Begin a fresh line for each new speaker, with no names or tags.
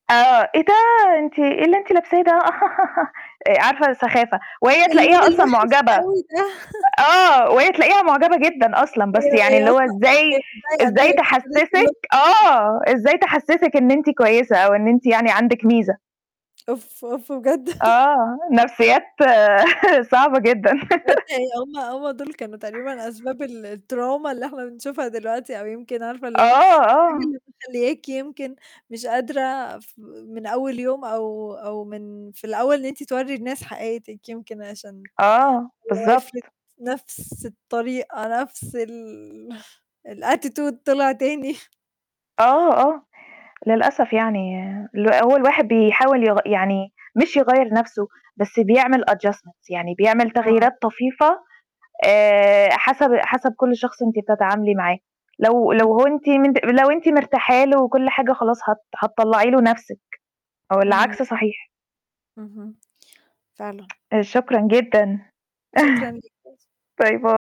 آه، إيه ده أنتِ إيه اللي أنتِ لابساه ده. آآ، عارفة سخافة، وهي
واللون
تلاقيها أصلًا
الوحش
معجبة،
أوي ده
آه، وهي تلاقيها معجبة جدًا أصلًا،
[unintelligible]
بس
أيوه
يعني
هي
اللي هو
أصلًا
إزاي
هي.
إزاي تحسسِك آه
[unintelligible]
إزاي تحسسِك إن أنتِ كويسة أو إن أنتِ يعني عندِك ميزة.
أوف، أوف بجد.
آه، نفسيات صعبة جدًا.
[unintelligible] هُم هُم دول كانوا تقريبًا أسباب ال التروما اللي إحنا بنشوفها دلوقتي أو يمكن عارفة
آه،
اللي هو الحاجة
آه.
اللي مخلّياكِ يمكن مش قادرة ف من أول يوم أو أو من في الأول إن أنتِ تورّي الناس حقيقتِك يمكن عشان
آه،
[unintelligible]
بالضبط.
نَفس الطريقة نَفس ال الAttitude طلع تاني.
آه، آه للأسف يعني ال هو الواحد بيحاول يغ يعني مش يغيَّر نَفْسه، بس بيعمل Adjustment، يعني بيعمل
آه.
تغييرات طفيفة، آآ، حسب حسب كل شخص أنتِ بتتعاملي معاه، لو لو
إمم.
هو أنتِ منت لو أنتِ مرتاحة له وكل حاجة خلاص هت هتطلّعي له نَفْسِك
إمم.
والعكس صحيح.
اهم فعلًا.
آآ شكرًا جدًا
شكرًا. [unintelligible]
باي باي.